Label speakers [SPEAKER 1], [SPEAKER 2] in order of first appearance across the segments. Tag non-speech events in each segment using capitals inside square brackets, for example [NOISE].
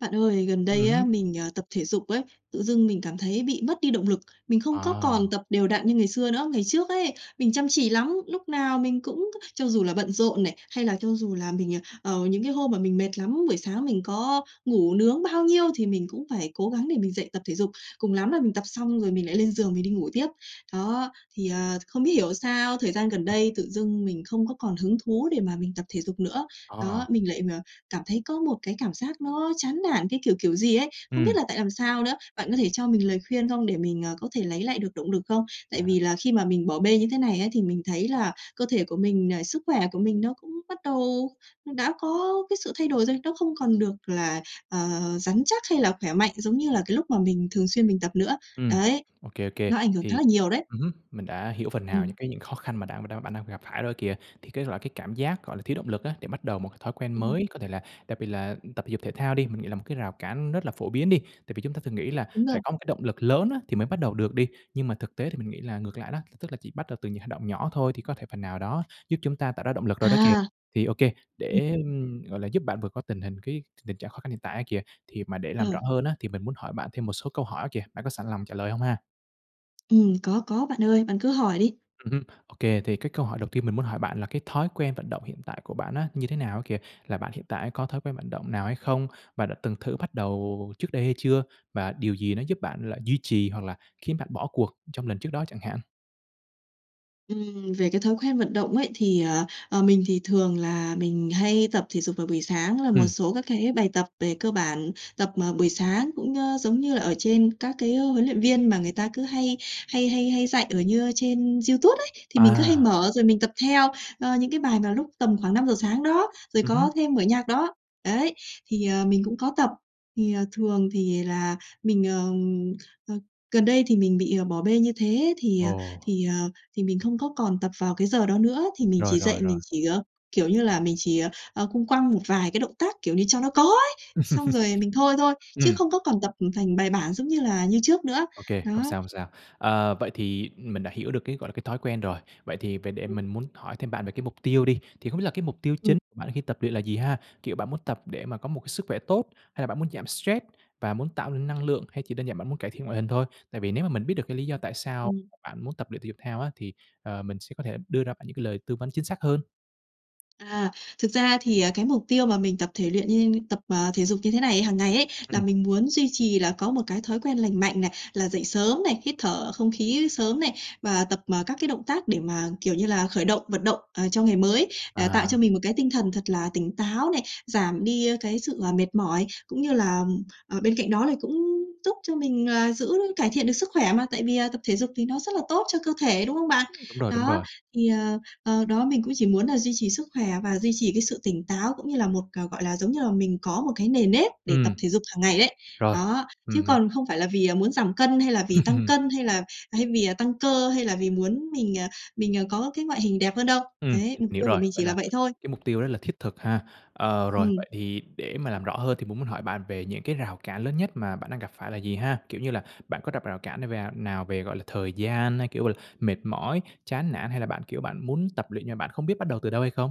[SPEAKER 1] Bạn ơi, gần
[SPEAKER 2] Ừm
[SPEAKER 1] đây á,
[SPEAKER 2] hứm.
[SPEAKER 1] mình, à, tập thể dục ấy, tự dưng mình cảm thấy bị mất đi động lực. Mình không có
[SPEAKER 2] À.
[SPEAKER 1] còn tập đều đặn như ngày xưa nữa. Ngày trước ấy, mình chăm chỉ lắm, lúc nào mình cũng c cho dù là bận rộn này hay là cho dù là mình, à, ờ, những cái hôm mà mình mệt lắm, buổi sáng mình có ngủ nướng bao nhiêu thì mình cũng phải cố gắng để mình dậy tập thể dục. Cùng lắm là
[SPEAKER 2] Ồ.
[SPEAKER 1] mình tập xong rồi mình lại lên giường mình đi ngủ tiếp. Đó, thì, ờ, không biết hiểu sao thời gian gần
[SPEAKER 2] Ừm.
[SPEAKER 1] đây tự dưng mình không còn hứng thú để mà mình tập thể dục nữa. Đó,
[SPEAKER 2] À.
[SPEAKER 1] mình lại, à, cảm thấy có một cái cảm giác nó chán nản, cái kiểu, kiểu gì ấy, không biết
[SPEAKER 2] Ừm.
[SPEAKER 1] là tại làm sao nữa. Bạn có thể cho mình lời khuyên không để mình, ờ, có thể lấy lại được động lực không? Tại
[SPEAKER 2] À.
[SPEAKER 1] vì là khi mà mình bỏ bê như thế này ấy thì mình thấy là cơ thể của mình, à, sức khỏe của mình nó cũng bắt đầu đã có cái sự thay đổi rồi, nó không còn được là, ờ, rắn chắc hay là khỏe mạnh giống như là cái lúc mà mình thường xuyên mình tập nữa.
[SPEAKER 2] Ừm,
[SPEAKER 1] Đấy,
[SPEAKER 2] OK, OK.
[SPEAKER 1] nó ảnh hưởng khá
[SPEAKER 2] Thì
[SPEAKER 1] là nhiều đấy.
[SPEAKER 2] ừm hứm, mình đã hiểu phần nào những
[SPEAKER 1] Ừm.
[SPEAKER 2] cái những khó khăn mà đang bạn đang phải gặp phải rồi kìa. Thì cái, gọi, cái cảm giác, gọi là, thiếu động lực á, để bắt đầu một cái thói quen
[SPEAKER 1] Ừm.
[SPEAKER 2] mới, có thể là đặc biệt là tập thể dục, thể thao đi, mình nghĩ là một cái rào cản rất là phổ biến đi. Tại vì chúng ta thường nghĩ là
[SPEAKER 1] Đúng
[SPEAKER 2] phải
[SPEAKER 1] rồi.
[SPEAKER 2] có một cái động lực lớn á, thì mới bắt đầu được đi. Nhưng mà thực tế thì mình nghĩ là ngược lại đó, t tức là chỉ bắt đầu từ những hành động nhỏ thôi thì có thể phần nào đó giúp chúng ta tạo ra động lực rồi đó kìa.
[SPEAKER 1] À!
[SPEAKER 2] Thì, OK,
[SPEAKER 1] Ừm,
[SPEAKER 2] để,
[SPEAKER 1] ừm.
[SPEAKER 2] gọi là, giúp bạn vượt qua tình hình cái t tình trạng khó khăn hiện tại á kìa, thì mà để làm rõ
[SPEAKER 1] Ờ.
[SPEAKER 2] hơn á thì mình muốn hỏi bạn thêm một số câu hỏi á kìa. Bạn có sẵn lòng trả lời hông ha?
[SPEAKER 1] Ừm, có, có bạn ơi, bạn cứ hỏi đi.
[SPEAKER 2] Ừm hứm. OK, thì cái câu hỏi đầu tiên mình muốn hỏi bạn là cái thói quen vận động hiện tại của bạn như thế nào á kìa? Là bạn hiện tại á có thói quen vận động nào hay không? Bạn đã từng thử bắt đầu trước đây hay chưa? Và điều gì nó giúp bạn là duy trì hoặc là khiến bạn bỏ cuộc trong lần trước đó chẳng hạn?
[SPEAKER 1] Ừm về cái thói quen vận động ấy thì, ờ, ờ, mình thì thường là mình hay tập thể dục vào buổi sáng là một
[SPEAKER 2] Ừm.
[SPEAKER 1] số các cái bài tập về cơ bản tập, ờ, buổi sáng cũng, ơ, giống như là ở trên các cái, ơ, huấn luyện viên mà người ta cứ hay hay hay hay dạy ở như trên YouTube ấy. Thì mình cứ hay
[SPEAKER 2] À.
[SPEAKER 1] mở, rồi mình tập theo, ơ, những cái bài mà lúc tầm khoảng 5:00 sáng đó, rồi
[SPEAKER 2] Ừm hứm.
[SPEAKER 1] có thêm mở nhạc đó. Đấy. Thì, ờ, mình cũng có tập, thì, ờ, thường thì là mình, mờ, a, gần đây thì mình bị, à, bỏ bê như thế thì,
[SPEAKER 2] Ồ.
[SPEAKER 1] ờ, thì, ờ, thì mình không có còn tập vào cái giờ đó nữa thì mình
[SPEAKER 2] Rồi,
[SPEAKER 1] chỉ
[SPEAKER 2] rồi,
[SPEAKER 1] dậy mình
[SPEAKER 2] rồi.
[SPEAKER 1] chỉ, ờ, kiểu như là, mình chỉ, ờ, ờ, cũng quăng một vài cái động tác kiểu như cho nó có ấy, xong
[SPEAKER 2] [CHUCKLES]
[SPEAKER 1] rồi mình thôi thôi, chứ
[SPEAKER 2] Ừm.
[SPEAKER 1] không có còn tập, ừm, thành bài bản, giống như là, như trước nữa.
[SPEAKER 2] OK, hông
[SPEAKER 1] Đó.
[SPEAKER 2] sao, hông sao. Ờ, vậy thì mình đã hiểu được cái, gọi là, cái thói quen rồi. Vậy thì về để mình
[SPEAKER 1] Ừm.
[SPEAKER 2] muốn hỏi thêm bạn về cái mục tiêu đi, thì không biết là cái mục tiêu
[SPEAKER 1] Ừm.
[SPEAKER 2] chính của bạn khi tập luyện là gì ha? Kiểu bạn muốn tập để mà có một cái sức khỏe tốt hay là bạn muốn giảm stress và muốn tạo nên năng lượng hay chỉ đơn giản bạn muốn cải thiện ngoại hình thôi? Tại vì nếu mà mình biết được cái lý do tại sao
[SPEAKER 1] Ừm.
[SPEAKER 2] bạn muốn tập luyện thể dục thao á thì, ờ, mình sẽ có thể đưa ra bạn những cái lời tư vấn chính xác hơn.
[SPEAKER 1] À, thực ra thì, à, cái mục tiêu mà mình tập thể luyện như tập, à, thể dục như thế này, hằng ngày ấy là
[SPEAKER 2] Ừm.
[SPEAKER 1] mình muốn duy trì là có một cái thói quen lành mạnh này, là dậy sớm này, hít thở không khí sớm này. Và tập, à, các cái động tác để mà, kiểu như là, khởi động, vận động, ờ, cho ngày mới, à, tạo cho
[SPEAKER 2] À.
[SPEAKER 1] mình một cái tinh thần thật là tỉnh táo này, giảm đi cái sự, à, mệt mỏi, cũng như là, ừm, ờ, bên cạnh đó lại cũng giúp cho mình, à, giữ cải thiện được sức khỏe mà, tại vì à tập thể dục thì nó rất là tốt cho cơ thể, đúng không bạn?
[SPEAKER 2] Ưm, đúng rồi, đúng
[SPEAKER 1] Đó,
[SPEAKER 2] rồi.
[SPEAKER 1] thì, ờ, ờ, đó, mình cũng chỉ muốn là duy trì sức khỏe và duy trì cái sự tỉnh táo, cũng như là một, à, gọi là, giống như là, mình có một cái nề nếp để tập
[SPEAKER 2] Ừm.
[SPEAKER 1] thể dục hằng ngày ấy.
[SPEAKER 2] Rồi.
[SPEAKER 1] Đó, chứ
[SPEAKER 2] Ừm, m
[SPEAKER 1] còn không phải là vì, à, muốn giảm cân, hay là vì tăng
[SPEAKER 2] [CHUCKLES]
[SPEAKER 1] cân hay là hay vì là tăng cơ hay là vì muốn mình, ờ, mình, ờ, có cái ngoại hình đẹp hơn đâu.
[SPEAKER 2] Ừm,
[SPEAKER 1] Đấy,
[SPEAKER 2] mình
[SPEAKER 1] mục
[SPEAKER 2] hiểu
[SPEAKER 1] tiêu của
[SPEAKER 2] rồi,
[SPEAKER 1] mình
[SPEAKER 2] vậy
[SPEAKER 1] chỉ là
[SPEAKER 2] là
[SPEAKER 1] vậy thôi.
[SPEAKER 2] cái mục tiêu rất là thiết thực ha. Ờ, rồi
[SPEAKER 1] Ừm.
[SPEAKER 2] vậy để mà làm rõ hơn thì mình muốn hỏi bạn về những cái rào cản lớn nhất mà bạn đang gặp phải là gì ha? Kiểu như là bạn có gặp rào cản n về nào về, gọi là, thời gian hay, kiểu, gọi là, mệt mỏi, chán nản hay là bạn, kiểu, bạn muốn tập luyện, nhưng mà bạn không biết bắt đầu từ đâu hay không?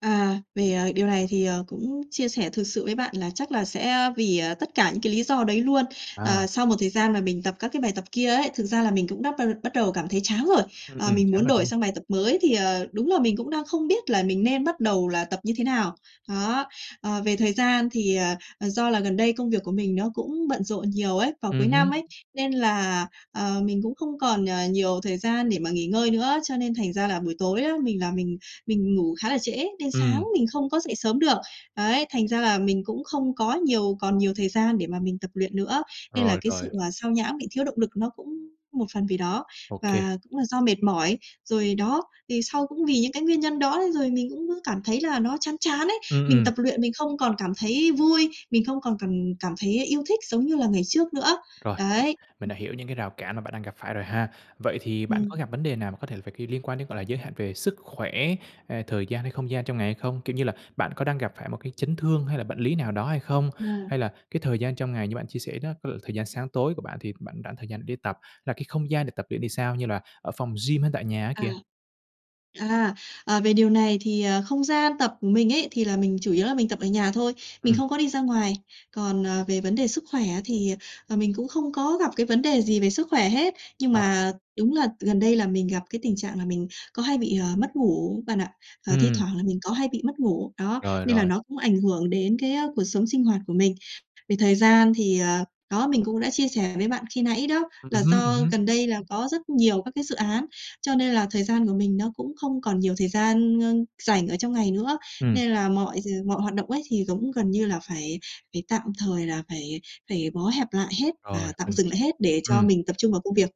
[SPEAKER 1] À, về, à, điều này thì, ờ, cũng chia sẻ thực sự với bạn là chắc là sẽ, à, vì, ờ, tất cả những cái lý do đấy luôn. Ờ,
[SPEAKER 2] À.
[SPEAKER 1] sau một thời gian mà mình tập các cái bài tập kia ấy, thực ra là mình cũng đắp bờ bắt đầu cảm thấy chán rồi.
[SPEAKER 2] Ừm,
[SPEAKER 1] Ờ,
[SPEAKER 2] ừm,
[SPEAKER 1] mình
[SPEAKER 2] chán
[SPEAKER 1] muốn
[SPEAKER 2] rồi, đúng
[SPEAKER 1] đổi
[SPEAKER 2] hông?
[SPEAKER 1] sang bài tập mới thì, ờ, đúng là mình cũng đang không biết là mình nên bắt đầu là tập như thế nào. Đó. Ờ, về thời gian thì, à, ờ, do là gần đây công việc của mình nó cũng bận rộn nhiều ấy, vào
[SPEAKER 2] Ừm
[SPEAKER 1] cuối năm
[SPEAKER 2] hứm.
[SPEAKER 1] ấy, nên là, ờ, mình cũng không còn nh nhiều thời gian để mà nghỉ ngơi nữa. Cho nên thành ra là buổi tối á mình là mình mình ngủ khá là trễ nên sáng
[SPEAKER 2] Ừm.
[SPEAKER 1] mình không có dậy sớm được. Ấy, thành ra là mình cũng không có nhiều còn nhiều thời gian để mà mình tập luyện nữa. Nên là
[SPEAKER 2] Rồi,
[SPEAKER 1] cái
[SPEAKER 2] rồi.
[SPEAKER 1] sự, ờ, xao nhãng, bị thiếu động lực nó cũng một phần vì đó
[SPEAKER 2] Ô kê.
[SPEAKER 1] và cũng là do mệt mỏi, rồi đó. Thì sau cũng vì những cái nguyên nhân đó nên rồi mình cũng cứ cảm thấy là nó chán chán ấy.
[SPEAKER 2] Ừm,
[SPEAKER 1] Mình
[SPEAKER 2] ừm.
[SPEAKER 1] tập luyện mình không còn cảm thấy vui, mình không còn cảm cảm thấy yêu thích giống như là ngày trước nữa.
[SPEAKER 2] Rồi, [UNINTELLIGIBLE]
[SPEAKER 1] Đấy.
[SPEAKER 2] mình đã hiểu những cái rào cản mà bạn đang gặp phải rồi ha. Vậy thì bạn có
[SPEAKER 1] Ừm.
[SPEAKER 2] gặp vấn đề nào mà có thể phải, kiểu, liên quan đến, gọi là, giới hạn về sức khỏe, hay là thời gian, hay không gian trong ngày hay không? Kiểu như là, bạn có đang gặp phải một cái chấn thương hay là bệnh lý nào đó hay không?
[SPEAKER 1] À.
[SPEAKER 2] Hay là cái thời gian trong ngày như bạn chia sẻ, cái lượng thời gian sáng tối của bạn thì bạn rảnh thời gian để đi tập, là cái không gian để tập luyện thì sao, như là ở phòng gym hay tại nhà á
[SPEAKER 1] À.
[SPEAKER 2] kìa?
[SPEAKER 1] À, ờ, về điều này thì, ờ, không gian tập mình ấy thì là mình chủ yếu là mình tập ở nhà thôi, mình
[SPEAKER 2] Ừm.
[SPEAKER 1] không có đi ra ngoài. Còn, ờ, về vấn đề sức khỏe á thì, ờ, mình cũng không có gặp cái vấn đề gì về sức khỏe hết. Nhưng
[SPEAKER 2] Ờ.
[SPEAKER 1] mà đúng là t gần đây là mình gặp cái tình trạng là mình có hay bị, ờ, mất ngủ bạn ạ. Và, thi
[SPEAKER 2] Ừm.
[SPEAKER 1] thoảng là mình có hay bị mất ngủ, đó,
[SPEAKER 2] Rồi,
[SPEAKER 1] nên là
[SPEAKER 2] rồi.
[SPEAKER 1] nó cũng ảnh hưởng đến cái, á, cuộc sống sinh hoạt của mình. Vì thời gian thì, ờ, đó mình cũng đã chia sẻ với bạn khi nãy đó
[SPEAKER 2] Ừm
[SPEAKER 1] là
[SPEAKER 2] hứm, ừm
[SPEAKER 1] do
[SPEAKER 2] hứm.
[SPEAKER 1] gần đây là có rất nhiều các cái dự án, cho nên là thời gian của mình nó cũng không còn nhiều thời gian, ơ, rảnh ở trong ngày nữa. Nên
[SPEAKER 2] Ừm.
[SPEAKER 1] là mọi d mọi hoạt động ấy thì, giống gần như là, phải phải tạm thời, là phải phải bó hẹp lại hết
[SPEAKER 2] Rồi
[SPEAKER 1] và tạm
[SPEAKER 2] mình
[SPEAKER 1] dừng lại hết để cho
[SPEAKER 2] ừm,
[SPEAKER 1] mình tập trung vào công việc.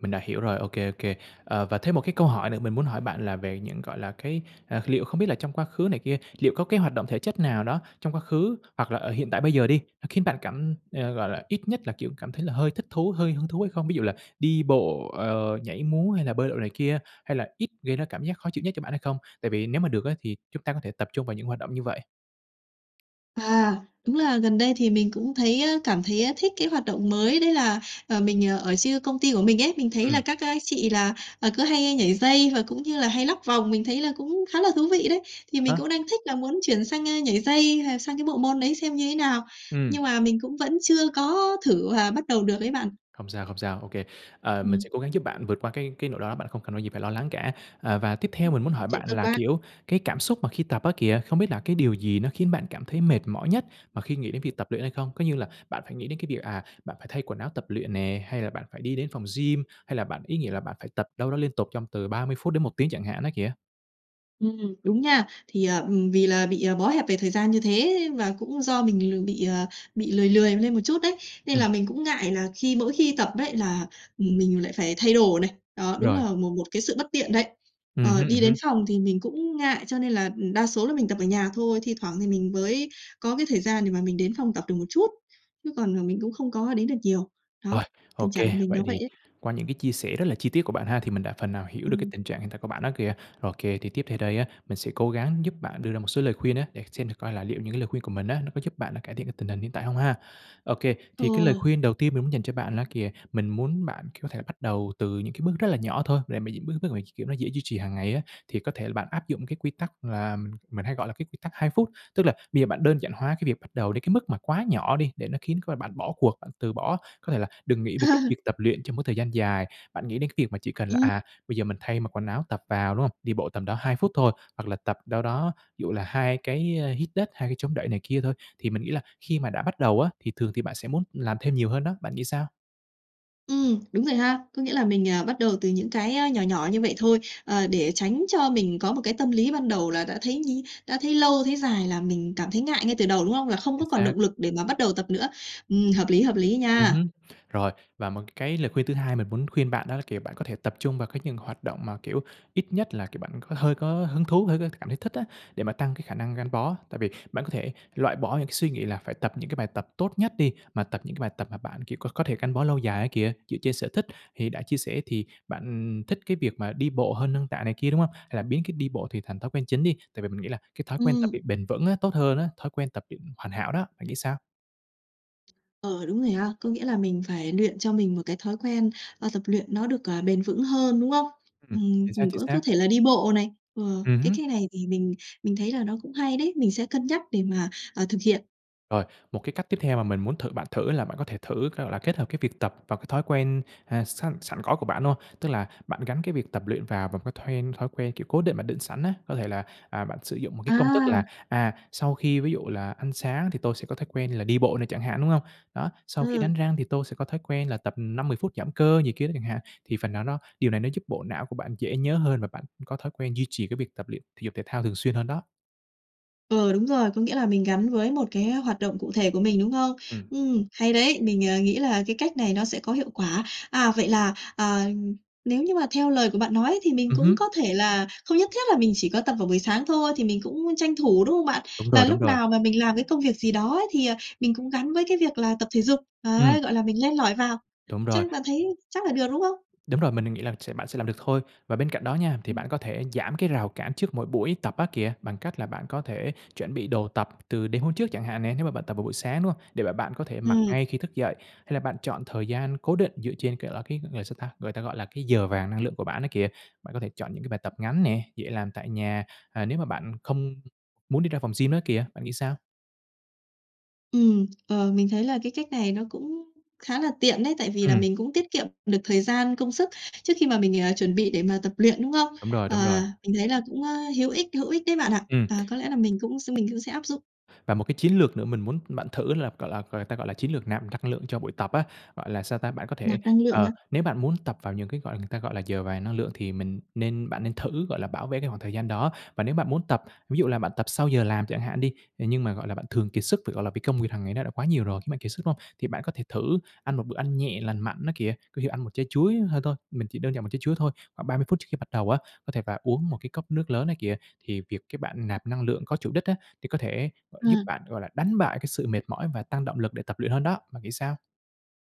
[SPEAKER 2] mình đã hiểu rồi. Ô kê, ô kê. Ờ, và thêm một cái câu hỏi nữa mình muốn hỏi bạn là về những, gọi là, cái, à, liệu không biết là trong quá khứ này kia, liệu có cái hoạt động thể chất nào đó trong quá khứ hoặc là ở hiện tại bây giờ đi, nó khiến bạn cảm ờ, gọi là, ít nhất là, kiểu, cảm thấy là hơi thích thú, hơi hứng thú hay không? Ví dụ là đi bộ, ờ, nhảy múa hay là bơi lội này kia, hay là ít gây ra cảm giác khó chịu nhất cho bạn hay không? Tại vì nếu mà được á thì chúng ta có thể tập trung vào những hoạt động như vậy.
[SPEAKER 1] À, đúng là gần đây thì mình cũng thấy, a, cảm thấy thích cái hoạt động mới đấy là, ờ, mình ở chia công ty của mình ấy, mình thấy là
[SPEAKER 2] Ừm.
[SPEAKER 1] các, a, chị là, à, cứ hay nhảy dây và cũng như là hay lắc vòng, mình thấy là cũng khá là thú vị đấy. Thì
[SPEAKER 2] À
[SPEAKER 1] mình
[SPEAKER 2] há.
[SPEAKER 1] cũng đang thích là muốn chuyển sang, a, nhảy dây hay sang cái bộ môn đấy xem như thế nào, nhưng
[SPEAKER 2] Ừm.
[SPEAKER 1] mà mình cũng vẫn chưa có thử và bắt đầu được ấy bạn.
[SPEAKER 2] Không sao, không sao, ô kê. À, mình
[SPEAKER 1] Ừm.
[SPEAKER 2] sẽ cố gắng giúp bạn vượt qua cái cái nỗi lo đó bạn không cần có gì phải lo lắng cả. Ờ, và tiếp theo
[SPEAKER 1] Ừm,
[SPEAKER 2] mình muốn hỏi
[SPEAKER 1] chuyện
[SPEAKER 2] bạn
[SPEAKER 1] tốt
[SPEAKER 2] là,
[SPEAKER 1] quá.
[SPEAKER 2] kiểu, cái cảm xúc mà khi tập á kìa, không biết là cái điều gì nó khiến bạn cảm thấy mệt mỏi nhất mà khi nghĩ đến việc tập luyện hay không? Có như là bạn phải nghĩ đến cái việc, à, bạn phải thay quần áo tập luyện nè, hay là bạn phải đi đến phòng gym, hay là bạn, ý nghĩa là, bạn phải tập đâu đó liên tục trong từ 30 phút đến 1 tiếng chẳng hạn á kìa?
[SPEAKER 1] Ừm, đúng nha. Thì, ờ, ừm, vì là bị, à, bó hẹp về thời gian như thế và cũng do mình l bị, ờ, bị lười lười lên một chút đấy, nên
[SPEAKER 2] Ừm.
[SPEAKER 1] là mình cũng ngại là khi mỗi khi tập ấy là, ừm, mình lại phải thay đồ này, đó, đúng
[SPEAKER 2] Rồi.
[SPEAKER 1] là một một cái sự bất tiện, đấy.
[SPEAKER 2] Ừm
[SPEAKER 1] Ờ,
[SPEAKER 2] hứm, ừm
[SPEAKER 1] đi đến
[SPEAKER 2] hứm.
[SPEAKER 1] phòng thì mình cũng ngại cho nên là, ừ, đa số là mình tập ở nhà thôi, thi thoảng thì mình mới có cái thời gian để mà mình đến phòng tập được một chút, chứ còn, à, mình cũng không có đến được nhiều.
[SPEAKER 2] Rồi,
[SPEAKER 1] Đó,
[SPEAKER 2] ô
[SPEAKER 1] tình trạng
[SPEAKER 2] kê,
[SPEAKER 1] của mình
[SPEAKER 2] vậy
[SPEAKER 1] nó vậy
[SPEAKER 2] thì
[SPEAKER 1] ấy.
[SPEAKER 2] qua những cái chia sẻ rất là chi tiết của bạn ha, thì mình đã phần nào hiểu được cái
[SPEAKER 1] Ừm.
[SPEAKER 2] tình trạng hiện tại của bạn á kìa. Ô kê, thì tiếp theo đây á, mình sẽ cố gắng giúp bạn đưa ra một số lời khuyên á, để xem thử coi là liệu những cái lời khuyên của mình á nó có giúp bạn là cải thiện cái tình hình hiện tại hông ha. Ô kê,
[SPEAKER 1] Ờ.
[SPEAKER 2] thì cái lời khuyên đầu tiên mình muốn dành cho bạn đó kìa, mình muốn bạn, kiểu, có thể là bắt đầu từ những cái bước rất là nhỏ thôi, để mà những bước bước mà, kiểu, nó dễ duy trì hàng ngày á, thì có thể là bạn áp dụng cái quy tắc là mình mình hay gọi là cái quy tắc 2 phút. Tức là bây giờ bạn đơn giản hóa cái việc bắt đầu đến cái mức mà quá nhỏ đi để nó khiến cho bạn bỏ cuộc, bạn từ bỏ, có thể là đừng nghĩ về cái việc
[SPEAKER 1] À!
[SPEAKER 2] tập luyện trong một thời gian dài. Bạn nghĩ đến cái việc mà chỉ cần là,
[SPEAKER 1] Ừm.
[SPEAKER 2] à, bây giờ mình thay mặc quần áo tập vào, đúng không? Đi bộ tầm đâu 2 phút thôi, hoặc là tập đâu đó, ví dụ là 2 cái, a, hít đất, 2 cái chống đẩy này kia thôi. Thì mình nghĩ là khi mà đã bắt đầu á, thì thường thì bạn sẽ muốn làm thêm nhiều hơn đó. Bạn nghĩ sao?
[SPEAKER 1] Ừm, đúng rồi ha. Có nghĩa là mình, à, bắt đầu từ những cái, á, nhỏ nhỏ như vậy thôi. Ờ, để tránh cho mình có một cái tâm lý ban đầu là đã thấy nhi đã thấy lâu, thấy dài là mình cảm thấy ngại ngay từ đầu, đúng không? Là không
[SPEAKER 2] Chính
[SPEAKER 1] có còn
[SPEAKER 2] xác.
[SPEAKER 1] động lực để mà bắt đầu tập nữa. Ừm, hợp lý, hợp lý
[SPEAKER 2] Ừm
[SPEAKER 1] nha.
[SPEAKER 2] hứm. Rồi, và một cái lời khuyên thứ hai mình muốn khuyên bạn đó là, kiểu, bạn có thể tập trung vào cái những hoạt động mà, kiểu, ít nhất là, kiểu, bạn có hơi có hứng thú, hơi có cảm thấy thích á, để mà tăng cái khả năng gắn bó. Tại vì bạn có thể loại bỏ những cái suy nghĩ là phải tập những cái bài tập tốt nhất đi, mà tập những cái bài tập mà bạn, kiểu, có có thể gắn bó lâu dài ấy kìa, dựa trên sở thích. Thì đã chia sẻ thì bạn, ừm, thích cái việc mà đi bộ hơn nâng tạ này kia, đúng hông? Hay là biến cái đi bộ thì thành thói quen chính đi, tại vì mình nghĩ là cái thói quen tập
[SPEAKER 1] Ừm.
[SPEAKER 2] luyện bền vững á, tốt hơn á, thói quen tập luyện hoàn hảo đó. Bạn nghĩ sao?
[SPEAKER 1] Ờ, đúng rồi ha. Có nghĩa là mình phải luyện cho mình một cái thói quen, ơ, tập luyện nó được, ờ, bền vững hơn, đúng không?
[SPEAKER 2] Ừm,
[SPEAKER 1] Ừm,
[SPEAKER 2] chính xác,
[SPEAKER 1] mình
[SPEAKER 2] chính
[SPEAKER 1] cũng có
[SPEAKER 2] xác.
[SPEAKER 1] thể là đi bộ này, ờ,
[SPEAKER 2] Ừm
[SPEAKER 1] cái
[SPEAKER 2] hứm.
[SPEAKER 1] cái này thì mình mình thấy là nó cũng hay đấy, mình sẽ cân nhắc để mà, ờ, thực hiện.
[SPEAKER 2] Rồi, một cái cách tiếp theo mà mình muốn thử bạn thử là bạn có thể thử, gọi là, kết hợp cái việc tập vào cái thói quen, à, săn sẵn có của bạn, đúng hông? Tức là bạn gắn cái việc tập luyện và vào cái then thói quen, kiểu, cố định mà định sẵn á. Có thể là, à, bạn sử dụng một cái công thức là,
[SPEAKER 1] À!
[SPEAKER 2] à, sau khi, ví dụ là "ăn sáng thì tôi sẽ có thói quen là đi bộ" này chẳng hạn, đúng hông? Đó, "sau khi
[SPEAKER 1] Ừ.
[SPEAKER 2] đánh răng thì tôi sẽ có thói quen là tập, ừm, 5-10 phút giảm cơ" gì kia đó chẳng hạn, thì phần nào nó điều này nó giúp bộ não của bạn dễ nhớ hơn và bạn cũng có thói quen duy trì cái việc tập luyện thể dục thể thao thường xuyên hơn đó.
[SPEAKER 1] Ờ, đúng rồi, có nghĩa là mình gắn với một cái hoạt động cụ thể của mình, đúng không?
[SPEAKER 2] Ừm.
[SPEAKER 1] Ừm, hay đấy! Mình, ờ, nghĩ là cái cách này nó sẽ có hiệu quả. À, vậy là, à, nếu như mà theo lời của bạn nói, thì mình
[SPEAKER 2] Ừm
[SPEAKER 1] cũng
[SPEAKER 2] hứm.
[SPEAKER 1] có thể là không nhất thiết là mình chỉ có tập vào buổi sáng thôi, thì mình cũng tranh thủ, đúng không bạn?
[SPEAKER 2] Đúng
[SPEAKER 1] Là
[SPEAKER 2] rồi, đúng
[SPEAKER 1] lúc
[SPEAKER 2] rồi.
[SPEAKER 1] nào mà mình làm cái công việc gì đó ấy, thì, à, mình cũng gắn với cái việc là tập thể dục.
[SPEAKER 2] Ừm.
[SPEAKER 1] Đấy, gọi là mình len lỏi vào.
[SPEAKER 2] Đúng rồi.
[SPEAKER 1] Chắc bạn thấy chắc là được, đúng không?
[SPEAKER 2] Đúng rồi, mình đang nghĩ là sẽ bạn sẽ làm được thôi. Và bên cạnh đó nha, thì
[SPEAKER 1] Ừm.
[SPEAKER 2] bạn có thể giảm cái rào cản trước mỗi buổi tập á kìa, bằng cách là bạn có thể chuẩn bị đồ tập từ đêm hôm trước chẳng hạn nè, nếu mà bạn tập vào buổi sáng, đúng hông? Để mà bạn có thể mặc
[SPEAKER 1] Ừm.
[SPEAKER 2] ngay khi thức dậy, hay là bạn chọn thời gian cố định dựa trên, kiểu là, cái gọi sao ta, người ta gọi là cái giờ vàng năng lượng của bạn á kìa. Bạn có thể chọn những cái bài tập ngắn nè, dễ làm tại nhà, à, nếu mà bạn không muốn đi ra phòng gym á kìa, bạn nghĩ sao?
[SPEAKER 1] Ừm, ờ, mình thấy là cái cách này nó cũng khá là tiện đấy. Tại vì là
[SPEAKER 2] Ừm.
[SPEAKER 1] mình cũng tiết kiệm được thời gian, công sức trước khi mà mình, ờ, chuẩn bị để mà tập luyện, đúng không?
[SPEAKER 2] Đúng rồi, đúng rồi.
[SPEAKER 1] Ờ, mình thấy là cũng, ơ, hữu ích hữu ích đấy bạn ạ,
[SPEAKER 2] Ừm.
[SPEAKER 1] và có lẽ là mình cũng s mình cũng sẽ áp dụng.
[SPEAKER 2] Và một cái chiến lược nữa mình muốn bạn thử là, gọi là người ta gọi là chiến lược nạm năng lượng cho buổi tập á, gọi là, sao ta, bạn có thể,
[SPEAKER 1] Nạp năng lượng
[SPEAKER 2] ờ,
[SPEAKER 1] hả?
[SPEAKER 2] nếu bạn muốn tập vào những cái gọi người ta gọi là giờ vàng năng lượng thì mình nên bạn nên thử, gọi là, bảo vệ cái khoảng thời gian đó. Và nếu bạn muốn tập, ví dụ là bạn tập sau giờ làm chẳng hạn đi, à, nhưng mà, gọi là, bạn thường kiệt sức vì, gọi là, bị công việc hàng ngày nó đã quá nhiều rồi khiến bạn kiệt sức, đúng không? Thì bạn có thể thử ăn một bữa ăn nhẹ lành mạnh á kìa, có thể ăn một trái chuối hơn thôi, mình chỉ đơn giản một trái chuối thôi, khoảng 30 phút trước khi bắt đầu á, có thể và uống một cái cốc nước lớn á kìa, thì việc cái bạn nạp năng lượng có chủ đích á, thì có thể gọi giúp
[SPEAKER 1] À.
[SPEAKER 2] bạn, gọi là, đánh bại cái sự mệt mỏi và tăng động lực để tập luyện hơn đó. Bạn nghĩ sao?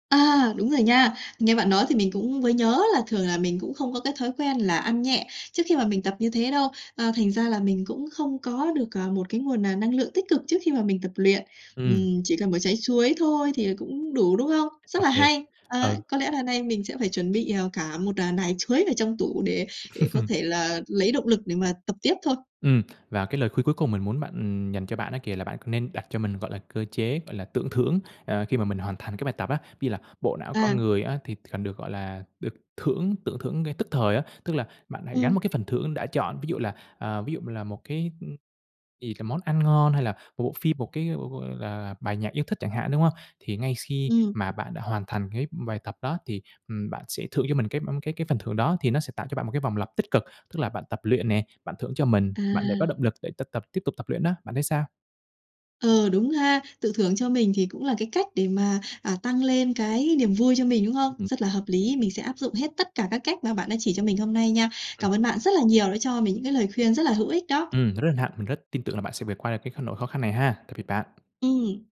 [SPEAKER 1] À, đúng rồi nha. Nghe bạn nói thì mình cũng mới nhớ là thường là mình cũng không có cái thói quen là ăn nhẹ trước khi mà mình tập như thế đâu, ờ, thành ra là mình cũng không có được, ờ, một cái nguồn n năng lượng tích cực trước khi mà mình tập luyện.
[SPEAKER 2] Ừm.
[SPEAKER 1] Ừm, chỉ cần một trái chuối thôi thì cũng đủ, đúng không?
[SPEAKER 2] Ô
[SPEAKER 1] Rất là
[SPEAKER 2] kê.
[SPEAKER 1] hay!
[SPEAKER 2] Ừ.
[SPEAKER 1] À, có lẽ là nay mình sẽ phải chuẩn bị, ờ, cả một, à, nải chuối vào trong tủ để để có
[SPEAKER 2] [CHUCKLES]
[SPEAKER 1] thể là lấy động lực để mà tập tiếp thôi.
[SPEAKER 2] Ừm, và cái lời khuyên cuối cùng mình muốn bạn, ừm dành cho bạn á kìa, là bạn nên đặt cho mình, gọi là, cơ chế, gọi là, tự thưởng, à, khi mà mình hoàn thành cái bài tập á. Ví dụ là bộ não con
[SPEAKER 1] À.
[SPEAKER 2] người á, thì cần được, gọi là, được thưởng, tự thưởng ngay tức thời á. Tức là bạn hãy gắn
[SPEAKER 1] Ừm.
[SPEAKER 2] một cái phần thưởng đã chọn, ví dụ là, à, ví dụ là một cái, ưm thì cái món ăn ngon hay là một bộ phim, một cái b b là bài nhạc yêu thích chẳng hạn, đúng không? Thì ngay s khi
[SPEAKER 1] Ừm.
[SPEAKER 2] mà bạn đã hoàn thành cái bài tập đó thì, ừm, bạn sẽ thưởng cho mình cái b cái cái phần thưởng đó, thì nó sẽ tạo cho bạn một cái vòng lặp tích cực, tức là bạn tập luyện nè, bạn thưởng cho mình, bạn để có
[SPEAKER 1] À.
[SPEAKER 2] động lực để t tập tiếp tục tập luyện đó. Bạn thấy sao?
[SPEAKER 1] Ừ, đúng ha, tự thưởng cho mình thì cũng là cái cách để mà, à, tăng lên cái niềm vui cho mình, đúng không?
[SPEAKER 2] Ừm.
[SPEAKER 1] Rất là hợp lý. Mình sẽ áp dụng hết tất cả các cách mà các bạn đã chỉ cho mình hôm nay nha.
[SPEAKER 2] Ừm.
[SPEAKER 1] Cảm ơn bạn rất là nhiều đã cho mình những cái lời khuyên rất là hữu ích đó.
[SPEAKER 2] Ừm, rất hân hạnh, mình rất tin tưởng là bạn sẽ vượt qua được cái kh nỗi khó khăn này ha. Tạm biệt bạn.
[SPEAKER 1] Ừm.